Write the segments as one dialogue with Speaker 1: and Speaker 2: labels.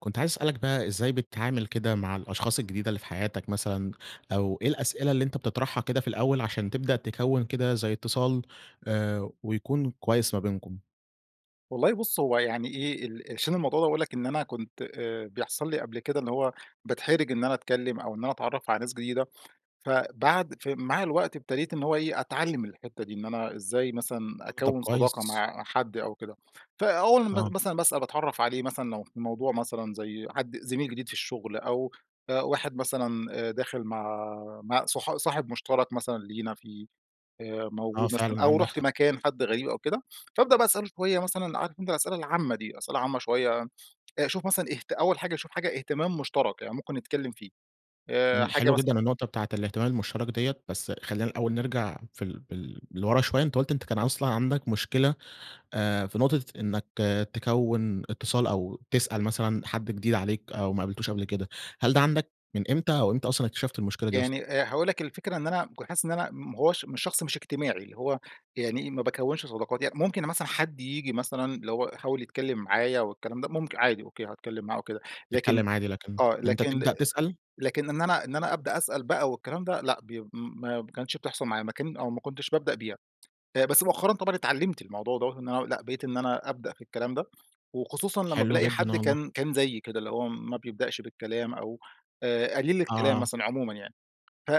Speaker 1: كنت عايز أسألك بقى إزاي بتتعامل كده مع الأشخاص الجديدة اللي في حياتك مثلًا، أو إيه الأسئلة اللي أنتَ بتطرحها كده في الأول عشان تبدأ تكوِّن كده زي اتصال آآ ويكون كويس ما بينكم؟
Speaker 2: والله بُص هو يعني إيه ال عشان الموضوع ده باقول لَك إن أنا كنت آآ بيحصل لي قبل كده اللي هو باتحرج إن أنا أتكلم أو إن أنا أتعرف على ناس جديدة، فبعد فمع الوقت ابتديت إن هو إيه أتعلم الحتة دي، إن أنا إزاي مثلًا
Speaker 1: آه طب
Speaker 2: أكوِّن صداقة
Speaker 1: كويس.
Speaker 2: مع حد أو كده. فأول م
Speaker 1: آه.
Speaker 2: مثلًا بس أنا باتعرف عليه مثلًا لو في موضوع مثلًا زي حد زميل جديد في الشغل، أو آآ واحد مثلًا آآ داخل مع مع صح صاحب مشترك مثلًا لينا في آآ
Speaker 1: آه
Speaker 2: موجود مثلًا،
Speaker 1: فعلًا
Speaker 2: أو
Speaker 1: عندك
Speaker 2: رُحت
Speaker 1: حق.
Speaker 2: مكان حد غريب أو كده، فابدأ بقى أسأله شوية مثلًا، عارف أنتَ الأسئلة العامة دي، أسئلة عامة شوية، أشوف مثلًا اهت أول حاجة أشوف حاجة اهتمام مشترك يعني ممكن نتكلم فيه. آآ
Speaker 1: امم
Speaker 2: حاجة
Speaker 1: حلوة
Speaker 2: مثلًا
Speaker 1: جدًا النقطة بتاعة الاهتمام المشترك ديّة، بس خلينا الأول نرجع في ال بال لورا شوية أنتَ قلت إن كان أصلًا عندك مشكلة آآ في نقطة إنك تكوًِن اتصال أو تسأل مثلًا حد جديد عليك، أو ما قابلتوش قبل كده. هل ده عندك من إمتى أو إمتى أصلًا اكتشفت المشكلة دي أصلًا؟
Speaker 2: يعني آآ هاقول لك الفكرة إن أنا ك حاسس إن أنا ما هواش مش شخص مش اجتماعي اللي هو يعني ما باكوِّنش صداقات يعني. ممكن مثلًا حد ييجي مثلًا اللي هو يحاول يتكلم معايا والكلام ده ممك عادي أوكي هاتكلم معاه أو كده، لكن
Speaker 1: تتكلم عادي لكن
Speaker 2: آه
Speaker 1: أنتَ
Speaker 2: لكن
Speaker 1: تبدأ تسأل؟
Speaker 2: لكن إن أنا إن أنا أبدأ أسأل بقى والكلام ده لأ بي ما ب كانتش بتحصل معايا ما كان أو ما كنتش بابدأ بيها. آآ بس مؤخرًا طبعًا اتعلمت الموضوع دَوَّة إن أنا لأ بقيت إن أنا أبدأ في الكلام ده، وخصوصًا لما
Speaker 1: حلو
Speaker 2: بالاقي
Speaker 1: جدًا
Speaker 2: حد
Speaker 1: والله.
Speaker 2: كان كان زيي كده اللي هو ما بيبدأش بالكلام أو آآ قليل الكلام
Speaker 1: آه.
Speaker 2: مثلًا عمومًا يعني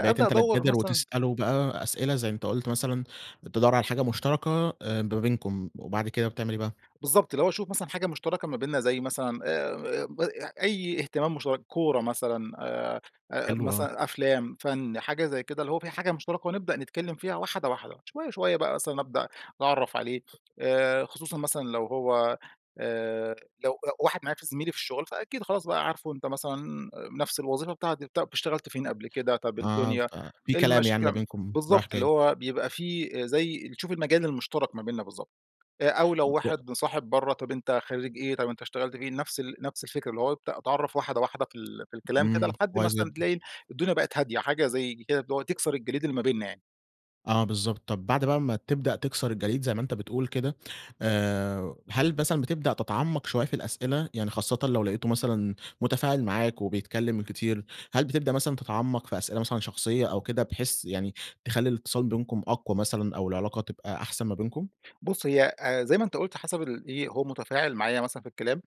Speaker 1: بقيت أنتَ اللي
Speaker 2: أدوَّر
Speaker 1: تبادر
Speaker 2: مثلًا
Speaker 1: وتسأله بقى أسئلة زي أنتَ قُلت مثلًا تدور على حاجة مشتركة آآ ما بينكم وبعد كده بتعمل إيه بقى؟
Speaker 2: بالضبط اللي هو أشوف مثلًا حاجة مشتركة ما بيننا زي مثلًا آآ ب أي اهتمام مشترك، كورة مثلًا آآ، آآ
Speaker 1: حلو آه.
Speaker 2: مثلًا أفلام، فن حاجة زي كده اللي هو في حاجة مشتركة، ونبدأ نتكلم فيها واحدة واحدة. شوية، شوية بقى مثلًا أبدأ أتعرف عليه آآ خصوصًا مثلًا لو هو آآ لو لو واحد معايا ف زميلي في الشغل فأكيد خلاص بقى عارفه أنتَ مثلًا نفس الوظيفة بتاعتي، طب اشتغلت فين قبل كده؟ طب
Speaker 1: آه ف
Speaker 2: الدنيا،
Speaker 1: في كلام يعني ما
Speaker 2: المشاكل.
Speaker 1: بينكم رايح
Speaker 2: بالضبط اللي
Speaker 1: جاي.
Speaker 2: هو بيبقى في زي تشوف المجال المشترك ما بيننا بالضبط. آآ أو لو
Speaker 1: [unintelligible]
Speaker 2: واحد مصاحب برّه طيب أنت خريج إيه، طب أنت اشتغلت فين، نفس ال نفس الفكرة اللي هو ابدأ أتعرف واحدة واحدة في ال في الكلام كده
Speaker 1: امم
Speaker 2: لحد
Speaker 1: كويس
Speaker 2: مثلًا
Speaker 1: جدًا.
Speaker 2: تلاقي الدنيا بقت هادية حاجة، زي كده اللي هو تكسر الجليد اللي ما بيننا يعني.
Speaker 1: آه، بالضبط. طب بعد بقي ما تبدأ تكسر الجليد زي ما أنت بتقول كده آآ، هل مثلًا بتبدأ تتعمق شوية في الأسئلة؟ يعني خاصةً لو لاقيته مثلًا متفاعل معاك وبيتكلم كتير. هل بتبدأ مثلًا تتعمق في أسئلة مثلًا شخصية أو كده بحيث يعني تخلي الإتصال بينكم أقوى مثلًا أو العلاقة تبقى أحسن ما بينكم؟
Speaker 2: بُص هي آآ زي ما أنت قلت حسب ال إيه هو متفاعل معايا مثلًا في الكلام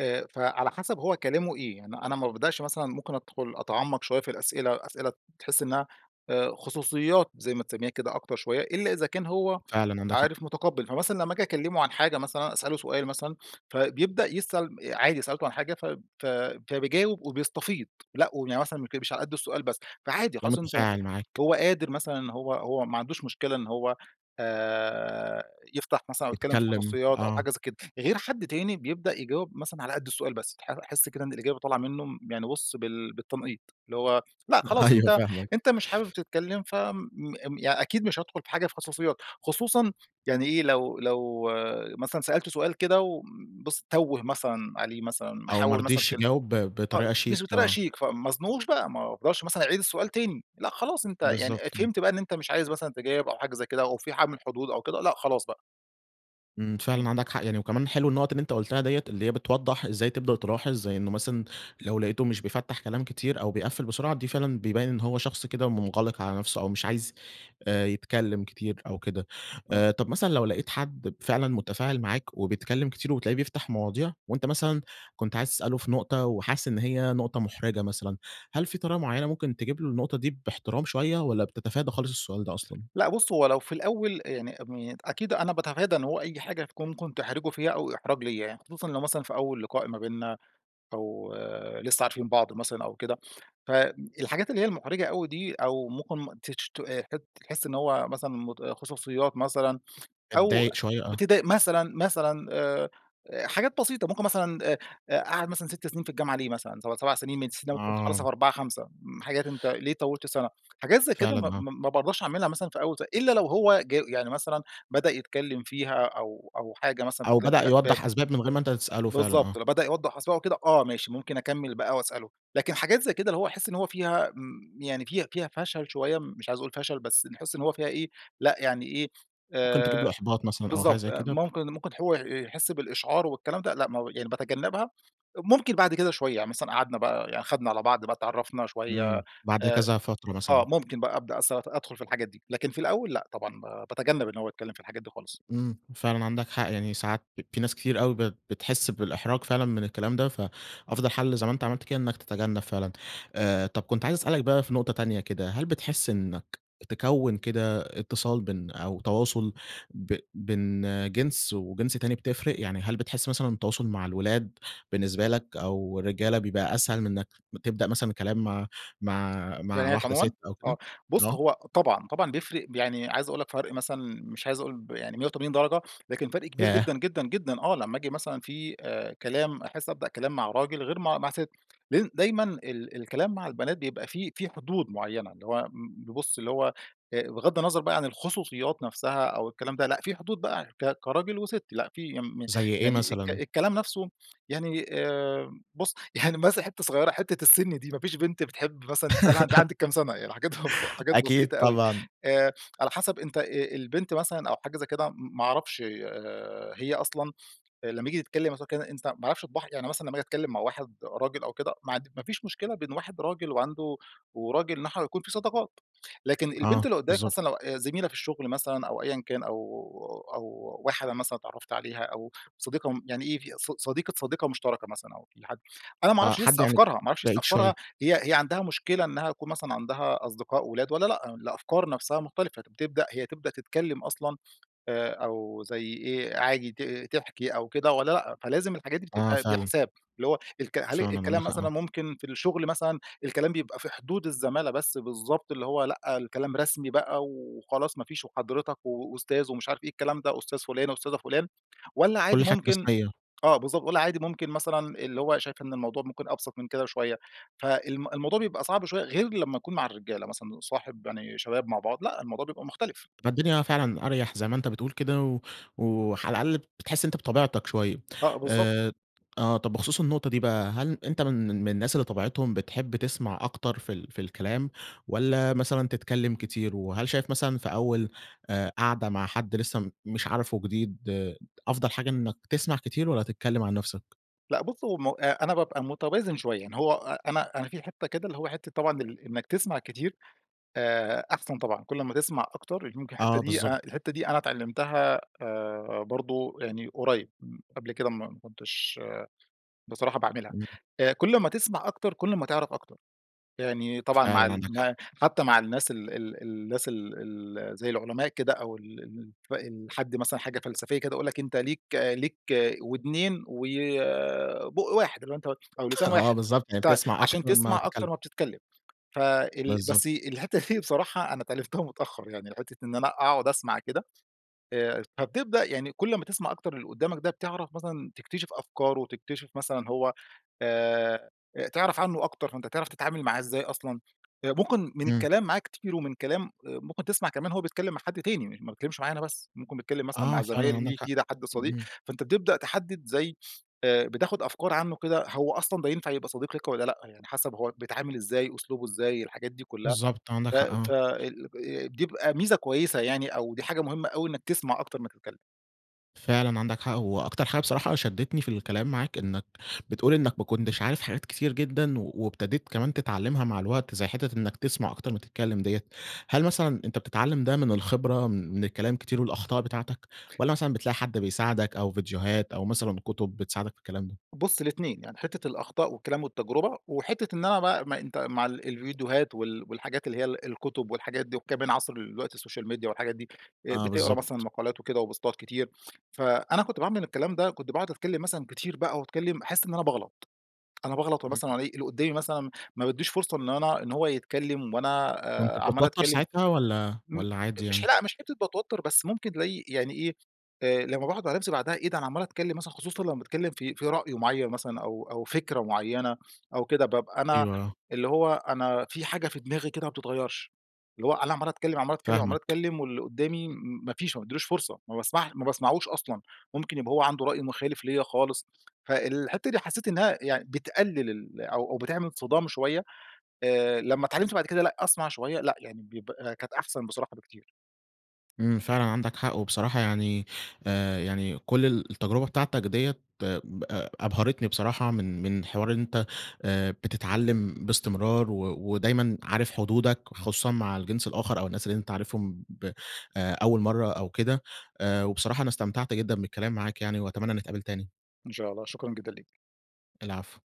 Speaker 2: آآ، فعلى حسب هو كلامه إيه، يعني أنا ما بابدأش مثلًا ممكن أدخل أتعمق شوية في الأسئلة، أسئلة تحس إنها خصوصيات زي ما تسميها كده أكتر شوية، إلا إذا كان هو
Speaker 1: فعلًا عندك حق.
Speaker 2: عارف متقبل. فمثلًا لمّا آجي أكلمه عن حاجة مثلًا أسأله سؤال مثلًا، فبيبدأ يسأل عادي سألته عن حاجة ف ف فبيجاوب وبيستفيض لأ، ويعني مثلًا [unintelligible] مش علي قدّ السؤال بس. فعادي
Speaker 1: تلاقيه
Speaker 2: خلاص أنت
Speaker 1: متفاعل معاك.
Speaker 2: هو قادر مثلًا هو هو ما عندوش مشكلة إن هو آآ، يفتح مثلًا أو يتكلم في
Speaker 1: بيتكلم،
Speaker 2: خصوصيات أو
Speaker 1: آه.
Speaker 2: حاجة زي كده. غير حد تاني بيبدأ يجاوب مثلًا على قدّ السؤال بس، أح أحس كده إن الإجابة طالعة منه يعني بُص بال بالتنقيط، اللي هو لأ خلاص
Speaker 1: أيوه
Speaker 2: أنت
Speaker 1: فاهمك.
Speaker 2: أنت مش حابب تتكلم فم م ي أكيد مش هادخل في حاجة في خصوصيات؛ خصوصًا يعني إيه لو لو مثلًا سألته سؤال كده و بس تَوّه مثلًا عليه مثلًا
Speaker 1: أو ما
Speaker 2: محول مثلًا
Speaker 1: رضيش
Speaker 2: كلم
Speaker 1: يجاوب ب
Speaker 2: آه،
Speaker 1: بطريقة
Speaker 2: مش
Speaker 1: شيك،
Speaker 2: بطريقة
Speaker 1: آه.
Speaker 2: شيك فما ازنقهوش بقى، ما افضلش مثلًا أعيد السؤال تاني لأ، خلاص أنت يعني
Speaker 1: بالضبط، إمم.
Speaker 2: فهمت بقى إن أنت مش عايز مثلًا تجاوب أو حاجة زي كده أو في حد من الحدود أو كده لأ، خلاص بقى.
Speaker 1: إمم،
Speaker 2: امم.
Speaker 1: فعلًا عندك حَق يعني، وكمان حلو النُقط اللي أنت قلتها ديّة، اللي هي بتوضّح إزاي تبدأ تلاحظ، زي إنه مثلًا لو لقِيته مش بيفتّح كلام كتير أو بيقفّل بسرعة، دي فعلًا بيبيّن إن هو شخص كده منغلق على نفْسه أو مش عايز، آآ يتكلم كتير أو كده.
Speaker 2: آه.
Speaker 1: آآ، طَب مثلًا لو لقِيت حد ب فعلًا متفاعل معاك وبيتكلم كتير وبتلاقيه بيفْتح مواضيع، وأنت مثلًا كنت عايز تسأله في نقطة وحاسس إن هي نقطة محرِجة مثلًا، هل في طريقة معينة ممكن تجيب له النقطة دي باحترام شوية، والّا بتتفادى خالص السؤال ده أصلًا؟
Speaker 2: لأ، بُص هو لو في الأول يعني ام أكيد أنا باتفادى إن هو أي حاجة تكون ممكن تحرجه فيها، أو إحراج ليّا يعني، خصوصًا لو مثلًا في أول لقاء ما بيننا أو لسه عارفين بعض مثلًا أو كده. ف امم الحاجات اللي هي المحرِجة أوي دي، أو ممكن تشت ت تح تحس إن هو مثلًا مت خصوصيات مثلًا، أو
Speaker 1: بتضايق شوية، آه.
Speaker 2: بتضايق مثلًا، مثلًا آآ، آآ حاجات بسيطة، ممكن مثلًا آآ، آآ قعد مثلًا 6 سنين في الجامعة ليه مثلًا، سب 7 سنين من الأساس أنت المفروض تخلّصها
Speaker 1: آه.
Speaker 2: في 4، 5، امم حاجات أنت ليه طوّلت السنة؟ حاجات زي كده م
Speaker 1: فعلًا، آه.
Speaker 2: م ما بارضاش أعملها مثلًا في أول س إلّا لو هو جو يعني مثلًا بدأ يتكلم فيها، أو أو حاجة مثلًا
Speaker 1: أو
Speaker 2: بتتكلم
Speaker 1: بدأ
Speaker 2: في أسباب
Speaker 1: يوضّح أسباب من غير ما أنت تسأله، فعلًا،
Speaker 2: بالضبط،
Speaker 1: آه.
Speaker 2: لو بدأ يوضّح أسباب أو كده آه، ماشي ممكن أكمّل بقى وأسأله. لكن حاجات زي كده اللي هو احس إن هو فيها آمم يعني فيها فيها فشل شوية، مش عايز أقول فشل، بس نحِسّ إن هو فيها إيه، لأ، يعني إيه،
Speaker 1: ممكن تجيب له
Speaker 2: آآ
Speaker 1: إحباط مثلًا، أو حاجة
Speaker 2: بالضبط،
Speaker 1: زَي كده؟
Speaker 2: ممكن ممكن هو ي يحس بالإشعار والكلام ده، لأ م يعني باتجنّبها. ممكن بعد كده شوية، يعني مثلًا قعدْنا بقى، يعني خَدْنا على بعض بقى اتعرّفنا شوية.
Speaker 1: امم، بعد
Speaker 2: آآ
Speaker 1: كذا فترة
Speaker 2: آه،
Speaker 1: مثلًا.
Speaker 2: ممكن بقى أبدأ أسأ أ أدْخل في الحاجات دي، لكن في الأول لأ، طبعًا ب باتجنّب إن هو يتكلم في الحاجات دي خالص.
Speaker 1: إمم، فعلًا عندك حَق. يعني ساعات في ناس كتير أوي بت بتحسّ بالإحراج فعلًا من الكلام ده، فأفضل حل زي ما أنت عملْت كده، إنك تتجنّب فعلًا. آآ، طَب كنت عايز أسألك بقى في نقطة تانية كده، هل بتحسّ إنك تكوّن كده إتصال بين أو تواصل ب بين جنس وجنس تاني بتفرِق، يعني هل بتحس مثلًا التواصل مع الولاد بالنسبة لك، أو الرجّالة بيبقى أسهل من إنك تبدأ مثلًا كلام مع مع مع
Speaker 2: بنات
Speaker 1: واحدة
Speaker 2: عمومًا؟
Speaker 1: ست أو كده؟
Speaker 2: آه، بُص
Speaker 1: آه.
Speaker 2: هو طبعًا، طبعًا بيفرِق، ب يعني عايز أقول لك فرْق مثلًا مش عايز أقول ب يعني 180 درجة، لكن فرْق كبير
Speaker 1: ياه!
Speaker 2: جدًا، جدًا، جدًا آه، لمّا آجي مثلًا في آآ كلام، أحسّ أبدأ كلام مع راجل غير مع مع ست. لإن دايمًا ال الكلام مع البنات بيبقى في في حدود معينة، اللي هو امم ب بص اللي هو آآ، بِغضّ النظر بقى عن الخصوصيات نفْسها أو الكلام ده لأ، في حدود بقى ك كراجل وست لأ، في يم
Speaker 1: زَي ايه
Speaker 2: يعني الك
Speaker 1: مثلًا؟
Speaker 2: الكلام نفْسه، يعني آمم بُص، يعني مثلًا حتة صغيرة، حتة السّن دي، ما فيش بنْت بتحب مثلًا تسألها أنتِ عندِك كم سنة؟ يعني الحاجات بتبقى حاجات
Speaker 1: أكيد
Speaker 2: بسيطة أوي.
Speaker 1: طبعًا.
Speaker 2: آآ، على حَسب أنت آآ البنت مثلًا أو حاجة زَي كده، م ما أعرفْش آآ، هي أصلًا لما ييجي تتكلّم مثلًا أو كده، أنت ما أعرفش طباعها. يعني مثلًا لما آجي أتكلّم مع واحد راجل أو كده، ما عند ما فيش مشكلة بين واحد راجل وعنده وراجل إن إحنا يكون في صداقات، لكن البنت
Speaker 1: آه،
Speaker 2: اللي قدّامك
Speaker 1: بالضبط.
Speaker 2: مثلًا لو آآ، زميلة في الشغل مثلًا أو أيًّا كان أو أو واحدة مثلًا اتعرّفت عليها أو صديقة امم يعني إيه، ص صديقة صديقة مشتركة مثلًا أو في حد أنا ما
Speaker 1: آه،
Speaker 2: اعرفش
Speaker 1: حد
Speaker 2: لسه
Speaker 1: يعني
Speaker 2: أفكارها، ما أعرفش لسه
Speaker 1: بعيد شوية.
Speaker 2: أفكارها، هي هي عندها مشكلة إنها تكون مثلًا عندها أصدقاء ولاد والّا لأ؟ الأفكار نفسها مختلفة، بتبدأ هي تبدأ تتكلم أصلًا آآ، أو زَي إيه، عادي ت تحكي أو كده والّا لأ. فلازم الحاجات دي
Speaker 1: آه،
Speaker 2: بتبقى
Speaker 1: فعلًا.
Speaker 2: بحساب، اللي هو الك هل
Speaker 1: فعلًا، عندك
Speaker 2: الكلام
Speaker 1: حَق.
Speaker 2: مثلًا
Speaker 1: آه.
Speaker 2: ممكن في الشغل مثلًا، الكلام بيبقى في حدود الزمالة بس، بالضبط، اللي هو لأ، الكلام رسمي بقى وخلاص ما فيش وحضرِتك وأستاذ ومش عارف إيه، الكلام ده أستاذ فُلانة أستاذة فُلان، والّا عادي
Speaker 1: كل حاجة
Speaker 2: ممكن
Speaker 1: رسمية.
Speaker 2: آه، بالضبط، والّا عادي ممكن مثلًا اللي هو شايف إن الموضوع ممكن أبسط من كده بشوية. فالم الموضوع بيبقى صعْب شوية، غير لمّا أكون مع الرجالة مثلًا، صاحب، يعني شباب مع بعض، لأ، الموضوع بيبقى مختلف.
Speaker 1: بتبقى الدنيا فعلًا أريَح زي ما أنت بتقول كده و وعلى الأقل بتحسّ إن أنت بطبيعتك شوية.
Speaker 2: آه، بالضبط.
Speaker 1: آآ، آه طَب بخصوص النقطة دي بقى، هل أنت من من الناس اللي طبيعتهم بتحب تسْمع أكتر في ال في الكلام، والّا مثلًا تتكلم كتير؟ وهل شايف مثلًا في أول، آآ قَعدة مع حد لسه م مش عارفه جديد، أفضَل حاجة إنّك تسْمع كتير والّا تتكلم عن نفْسك؟
Speaker 2: لأ، بُص همّ أ أنا بابقى متوازن شوية، يعني هو أ أنا أنا في حتة كده اللي هو حتة طبعًا ال إنك تسْمع كتير، آآ أحسَن طبعًا، كل أما تسْمع أكتر يمكن الحتة
Speaker 1: آه،
Speaker 2: دي
Speaker 1: بالضبط.
Speaker 2: ا الحتة دي أنا اتعلّمتها، آآ برضو يعني قريّب، م قبْل كده م ما كنتش بصراحة باعملها.
Speaker 1: امم.
Speaker 2: آآ، كل أمّا تسْمع أكتر، كل أمّا تعرف أكتر. يعني طبعًا مع
Speaker 1: فعلًا،
Speaker 2: ال
Speaker 1: عندك حَق.
Speaker 2: م حتى مع الناس ال ال ال الناس ال ال زَي العلماء كده أو ال الف الحد مثلًا حاجة فلسفية كده، يقول لك: "أنت ليك ليك ودْنين وبُق واحد. اللي هو أنت أو لسان
Speaker 1: آه،
Speaker 2: واحد،
Speaker 1: بالضبط، يعني
Speaker 2: ت
Speaker 1: بتسْمع
Speaker 2: عشان
Speaker 1: أكتر ما
Speaker 2: تسْمع
Speaker 1: تتكلم.
Speaker 2: أكتر ما بتتكلم. فال
Speaker 1: بالضبط.
Speaker 2: بس الحتة دي بصراحة أنا اتعلّمتها متأخر يعني، حتة إن أنا أقعد أسْمع كده. آآ، فبتبدأ يعني كل أمّا تسْمع أكتر اللي قدامك ده بتعرف مثلًا تكتشف أفكاره، تكتشف مثلًا هو آآ تعرف عنه أكتر، فأنت تعرف تتعامل معاه إزاي أصلَا. ممكن من
Speaker 1: امم.
Speaker 2: الكلام معاه كتير، ومن كلام آآ، ممكن تسمع كمان هو بيتكلم مع حد تاني ما بيتكلّمش معايا أنا بس، ممكن بيتكلّم مثلَا
Speaker 1: آه،
Speaker 2: مع
Speaker 1: فعلًا
Speaker 2: زمايل
Speaker 1: عندك
Speaker 2: ليه،
Speaker 1: حَق.
Speaker 2: جيرة، حد صديق،
Speaker 1: امم.
Speaker 2: فأنت بتبدأ تحدد زي آآ، بتاخد أفكار عنه كده، هو أصلًا ده ينفع يبقى صديق لك والّا لأ، يعني حسب هو بيتعامل إزاي، أسلوبه إزاي، الحاجات دي كلها.
Speaker 1: بالضبط، عندك
Speaker 2: ف
Speaker 1: حَق. آه.
Speaker 2: ف ال آآ، دي بيبقى ميزة كويسة يعني، أو دي حاجة مهمة أوي إنك تسْمع أكتر ما تتكلم.
Speaker 1: فعلًا عندك حق. هو أكتر حاجة بصراحة شدتني في الكلام معاك إنك بتقول إنك "ما كنتش عارف حاجات كتير جدًا وابتديت كمان تتعلمها مع الوقت زي حتة إنك تسمع أكتر ما تتكلم ديّة." هل مثلًا أنت بتتعلم ده من الخبرة من الكلام كتير والأخطاء بتاعتك، والّا مثلًا بتلاقي حد بيساعدك أو فيديوهات أو مثلًا كتب بتساعدك في الكلام ده؟
Speaker 2: بص الاتنين. يعني حتة الأخطاء والكلام والتجربة، وحتة إن أنا بقى ما أنت مع ال الفيديوهات وال والحاجات اللي هي ال الكتب والحاجات دي وكمان عصر دلوقتي السوشيال ميديا والحاجات دي. آآ
Speaker 1: آه،
Speaker 2: بتقرا
Speaker 1: بالضبط.
Speaker 2: مثلًا مقالات وكده وبوستات كتير. فأنا كنت باعمل الكلام ده كنت باقعد أتكلم مثلًا كتير بقى وأتكلم أحس إن أنا باغلط. أنا باغلط ومثلًا
Speaker 1: [unintelligible]
Speaker 2: وألاقي اللي قدامي مثلًا، ما بيديش فرصة إن أنا إن هو يتكلم وأنا
Speaker 1: كنت
Speaker 2: آآ، عمّال
Speaker 1: بتتوتر
Speaker 2: أتكلم
Speaker 1: ساعتها، والّا
Speaker 2: [unintelligible]
Speaker 1: والّا عادي
Speaker 2: مش
Speaker 1: يعني؟
Speaker 2: ح لأ مش حتة باتوتر بس، ممكن تلاقي يعني إيه، آآ لما باقعد مع نفسي بعدها إيه ده أنا عمّال أتكلم مثلًا خصوصًا لما باتكلم في في رأي معّين مثلًا، أو أو فكرة معينة أو كده بابقى أنا
Speaker 1: أيوه، آه.
Speaker 2: اللي هو أنا في حاجة في دماغي كده ما بتتغيرش، اللي هو أنا عمّال أتكلم، عمّال أتكلم، عمّال
Speaker 1: فاهمك.
Speaker 2: أتكلم واللي قدامي م ما فيش ما بادّيلوش فرصة ما باسمع ما باسمعوش أصلًا. ممكن يبقى هو عنده رأي مخالف ليَّ خالص فالحتة دي حسيت إنها يعني بتقلل ال أو أو بتعمل صِدام شوية. آآ، لمّا اتعلمت بعد كده لأ أسمع شوية لأ، يعني بيبقى كانت أحسن بصراحة بكتير.
Speaker 1: إمم، فعلًا عندك حق. وبصراحة يعني، آآ، يعني كل التجربة بتاعتك ديّة [unintelligible] أبهرتني بصراحة، من من حوار إن أنت آآ، بتتعلم باستمرار و ودايمًا عارف حدودك خصوصًا مع الجنس الآخر، أو الناس اللي أنت عارفهم ب أول مرة أو كده، وبصراحة أنا استمتعت جدًا بالكلام معاك يعني وأتمنى نتقابل تاني.
Speaker 2: إن شاء الله شكرًا جدًا ليك.
Speaker 1: العفو.